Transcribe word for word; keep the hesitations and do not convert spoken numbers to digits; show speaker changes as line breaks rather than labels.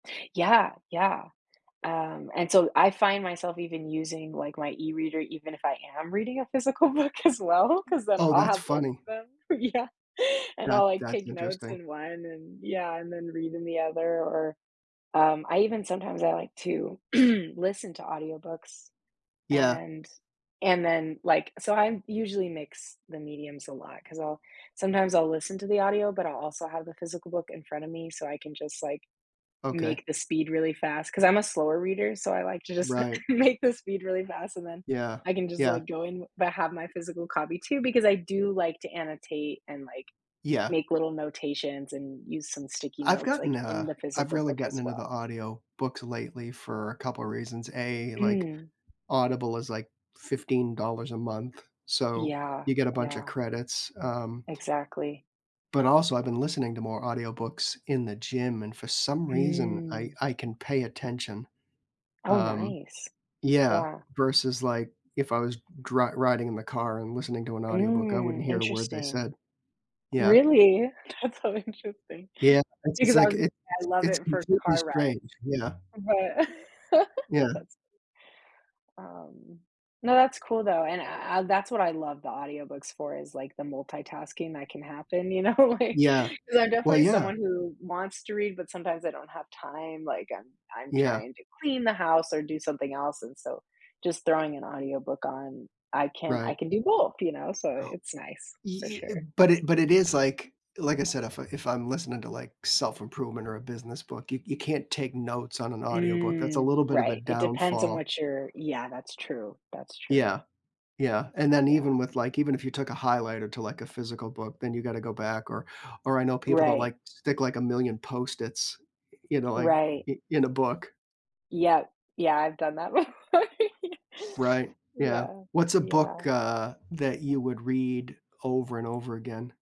Yeah, yeah, um, and so I find myself even using, like, my e-reader, even if I am reading a physical book, as well, 'cause then
Oh,
I'll
that's
have both
funny.
of them. Yeah, and I'll,
That
like,
that's
take notes
interesting.
in one, and yeah, and then read in the other, or, um, I even sometimes I like to listen to audiobooks,
Yeah.
and and then, like, so I usually mix the mediums a lot, 'cause I'll sometimes I'll listen to the audio, but I'll also have the physical book in front of me, so I can just, like,
Okay.
make the speed really fast, 'cause I'm a slower reader, so I like to just
Right.
make the speed really fast, and then
Yeah,
I can just,
yeah.
like, go in, but have my physical copy, too, because I do like to annotate and, like,
Yeah.
make little notations, and use some sticky
I've
notes, like,
gotten,
in
uh,
the
I've
physical
really
book, as
gotten into the
well.
audiobooks lately for a couple reasons. A, like,
Mm.
Audible is, like, fifteen dollars a month, so
Yeah,
you get a buncha
yeah.
credits, um
Exactly.
but also I've been listening to more audiobooks in the gym, and for some reason I
Mm.
I can pay attention.
Oh,
Um
nice.
yeah,
Yeah.
versus, like, if I was dri riding in the car and listening to an audiobook, I wouldn't
Mm,
hear a word they
interesting.
said. Yeah.
Really? That's so interesting,
Yeah, it's it's
because I
like
was
it's
I love
it's
it for
completely
car rides,
strange, yeah.
but
Yeah.
that's um No, that's cool, though, and I I I uh, that's what I love the audiobooks for is, like, the multitasking that can happen, you know? Like,
Yeah.
'cause I'm
Well,
definitely
yeah.
someone who wants to read, but sometimes I don't have time, like I'm I'm
Yeah.
trying to clean the house or do something else, and so just throwing an audiobook on, I can
Right.
I can do both, you know, so it's nice, for
Ye i
sure.
but it but it is, like, like I said, if I if I'm listening to, like, self-improvement or a business book, you you can't take notes on an audiobook. That's a
Mm,
little bit of a
right. It depends on
downfall.
what you're yeah, that's true. That's true.
Yeah, yeah, and then
Yeah.
even with, like, even if you took a highlighter to, like, a physical book, then you gotta go back or or I know people that,
Right.
like, stick, like, a million Post-its, you know, like,
Right.
in in a book.
Yep, yeah, I've done that before.
Right,
Ye
yeah.
yeah,
What's a book,
yeah.
uh, that you would read over and over again?